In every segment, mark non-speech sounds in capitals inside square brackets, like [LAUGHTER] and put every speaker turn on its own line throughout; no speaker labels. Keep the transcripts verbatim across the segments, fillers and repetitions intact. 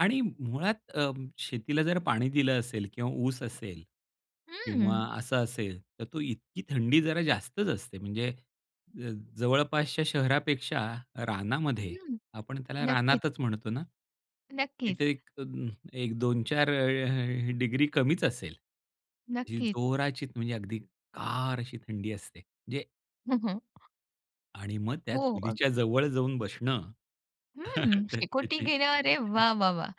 आणि मुळात अ, शेतीला जर पाणी दिलं असेल किंवा ऊस असेल, किंवा
हं.
असं असेल तर तो इतकी थंडी जरा जास्तच असते म्हणजे अ, जवळपासच्या शहरापेक्षा रानामध्ये,
हं,
आपण त्याला
नक्कीच.
रानातच म्हणतो ना,
नक्कीच.
तिथे एक अं ह एक दोन चार अ-ह ह डिग्री कमीच असेल, जी
नक्कीच.
जोराचीचं म्हणजे अगदी गार अशी थंडी असते. म्हणजे
हो, हो.
आणि मग त्या
हो, अग
चुलीच्या जवळ जाऊन बसणं,
हं,
[CHUCKLES] तर ते
शेकोटी गेल्यावर अरे
ते
वाह, वाह, वाह!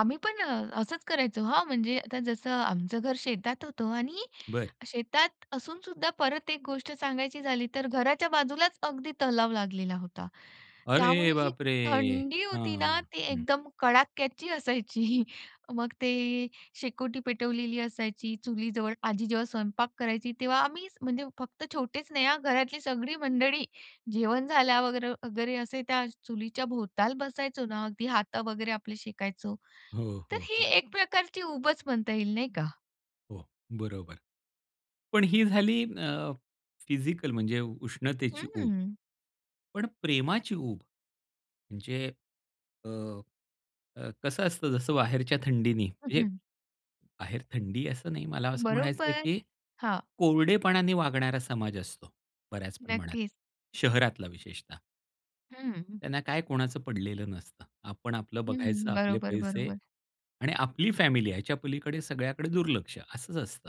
आम्ही पण असंच करायचो हां, म्हणजे आता जसं आमचं घर शेतात होतं आणि
बरं.
शेतात असूनसुद्धा परत एक गोष्ट सांगायची झाली तर घराच्या बाजूलाच अगदी तलाव लागलेला होता.
अरे
त्यामुळे जी
बापरे!
थंडी
हां,
होती ना ती
हं.
एकदम कडाक्याची असायची. [CHUCKLES] मग ती शेकोटी पेटवलेली असायची चुलीजवळ, आजी जेव्हा स्वयंपाक करायची तेव्हा आम्ही, म्हणजे फक्त छोटेच नाही हां घरातली सगळी मंडळी, जेवण झाल्यावर वगैरे असे त्या चुलीच्याभोवताल बसायचो ना; अगदी हात वगैरे आपले शेकायचो.
हो,
तर
हो,
ही
हो.
एक प्रकारची ऊबच म्हणता येईल नाही का?
हो, बरोबर. पण ही झाली अ, फिजिकल म्हणजे उष्णतेची ऊब.
हं.
पण प्रेमाची ऊब, म्हणजे अ, कसं असतं जसं बाहेरच्या थंडीने म्हणजे,
हं.
बाहेर थंडी असं नाही मला असं म्हणायचं आहे
बरोबर,
की
हां.
कोरडेपणाने वागणारा समाज असतो बऱ्याच प्रमाणात
नक्कीच.
शहरातला विशेषतः
हं.
त्यांना काय कोणाचं पडलेलं नसतं. आपण आपलं बघायचं
हं,
आपले
बरोबर,
पैसे
बरोबर.
आणि आपली फॅमिली आहे ह्याच्या पलीकडे सगळ्याकडे दुर्लक्ष असंच असतं.